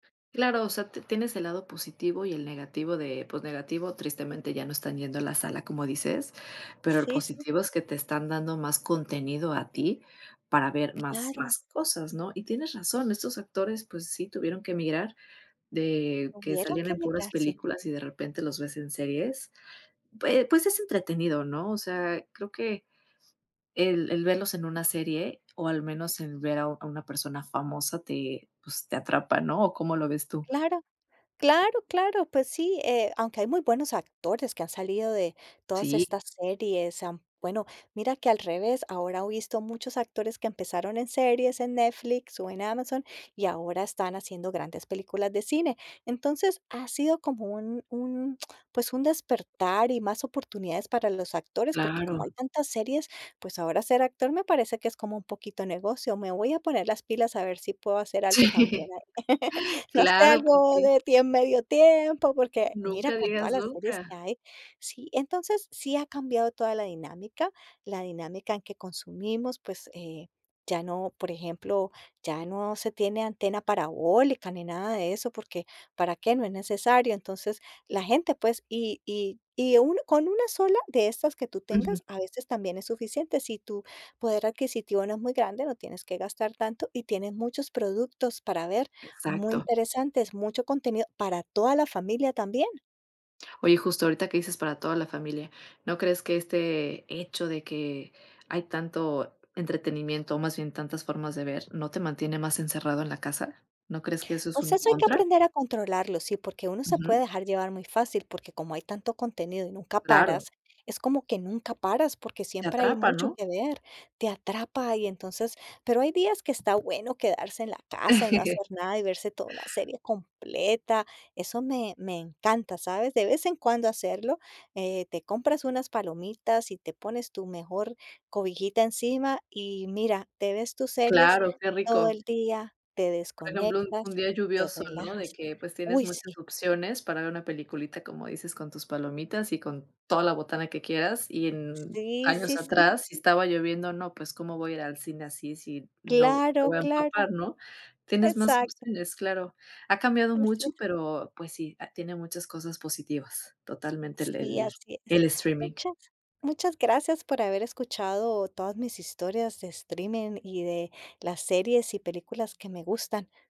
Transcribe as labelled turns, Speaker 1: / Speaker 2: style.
Speaker 1: Claro, o sea, te tienes el lado positivo y el negativo de pues negativo, tristemente ya no están yendo a la sala como dices, pero lo
Speaker 2: Sí, sí.
Speaker 1: positivo es que te están dando más contenido a ti para ver más
Speaker 2: Claro.
Speaker 1: más cosas, ¿no? Y tienes razón, estos actores pues sí tuvieron que migrar de que
Speaker 2: Tuvieron
Speaker 1: salían
Speaker 2: que
Speaker 1: en puras
Speaker 2: emigrar, sí.
Speaker 1: películas y de repente los ves en series, pue pues es entretenido, ¿no?, o sea, creo que el el verlos en una serie o al menos en ver a una persona famosa te pues te atrapa, ¿no?, ¿o cómo lo ves tú?
Speaker 2: Claro claro, claro, pues sí, eh, aunque hay muy buenos actores que han salido de todas
Speaker 1: Sí.
Speaker 2: estas series, am, bueno, mira que, al revés, ahora o visto muchos actores que empezaron en series en Netflix o en Amazon y ahora están haciendo grandes películas de cine, entonces, ha sido como un un, pues, un despertar y más oportunidades para los actores, porque como hay
Speaker 1: Claro.
Speaker 2: tantas series, pues ahora ser actor me parece que es como un poquito negocio, me voy a poner las pilas a ver si puedo hacer algo también
Speaker 1: Sí,
Speaker 2: ahí. No sé,
Speaker 1: claro, pues
Speaker 2: algo
Speaker 1: sí.
Speaker 2: de tiem medio tiempo, porque, mira,
Speaker 1: Nunca
Speaker 2: con todas
Speaker 1: digas
Speaker 2: las series que
Speaker 1: nunca.
Speaker 2: hay, sí entonces sí ha cambiado toda la dinámica, la dinámica en que consumimos, pues, eh, ya no, por ejemplo, ya no se tiene antena parabólica ni nada de eso, porque, ¿para qué?, no es necesario, entonces, la gente, pues, y y y uno con 1 sola de estas que tú
Speaker 1: Ujú.
Speaker 2: tengas, a veces también es suficiente si tu poder adquisitivo no es muy grande, no tienes que gastar tanto y tienes muchos productos para ver muy
Speaker 1: Exacto.
Speaker 2: interesantes, mucho contenido para toda la familia también.
Speaker 1: Oye, justo ahorita que dices para toda la familia, ¿no crees que este hecho de que hay tanto entretenimiento, o más bien tantas formas de ver, no te mantiene más encerrado en la casa?, ¿no crees que eso es
Speaker 2: Pues
Speaker 1: un
Speaker 2: eso hay que
Speaker 1: contra?
Speaker 2: aprender a controlarlo, sí, porque uno se puede
Speaker 1: Ujú.
Speaker 2: dejar llevar muy fácil, porque como hay tanto contenido y nunca
Speaker 1: Claro.
Speaker 2: paras, es como que nunca paras, porque
Speaker 1: Te
Speaker 2: siempre hay
Speaker 1: atrapa,
Speaker 2: mucho
Speaker 1: ¿no?
Speaker 2: que ver, te atrapa, y entonces pero hay días que está bueno quedarse en la casa y no hacer nada y verse toda una serie completa, eso me me encanta, ¿sabes?, de vez en cuando hacerlo, eh, te compras unas palomitas y te pones tu mejor cobijita encima y mira, te ves tus series
Speaker 1: Claro, qué
Speaker 2: todo
Speaker 1: rico.
Speaker 2: el día, te
Speaker 1: Por ejemplo, un
Speaker 2: desconectas,
Speaker 1: día
Speaker 2: te
Speaker 1: lluvioso, ¿no?, de
Speaker 2: relajas,
Speaker 1: que pues tienes
Speaker 2: uy, sí.
Speaker 1: muchas opciones para ver una peliculita, como dices, con tus palomitas y con toda la botana que quieras, y en
Speaker 2: Sí, sí,
Speaker 1: años
Speaker 2: sí.
Speaker 1: atrás si estaba lloviendo, "No, pues, ¿cómo voy a ir al cine así si no, me
Speaker 2: Claro,
Speaker 1: voy a
Speaker 2: claro,
Speaker 1: empapar?", ¿no?, tienes más
Speaker 2: exacto.
Speaker 1: opciones, claro, ha cambiado
Speaker 2: Así
Speaker 1: mucho,
Speaker 2: es.
Speaker 1: pero pues sí, ha tiene muchas cosas positivas, totalmente,
Speaker 2: Sí,
Speaker 1: el
Speaker 2: así es.
Speaker 1: el streaming.
Speaker 2: Muchas muchas gracias por haber escuchado todas mis historias de streaming y de las series y películas que me gustan.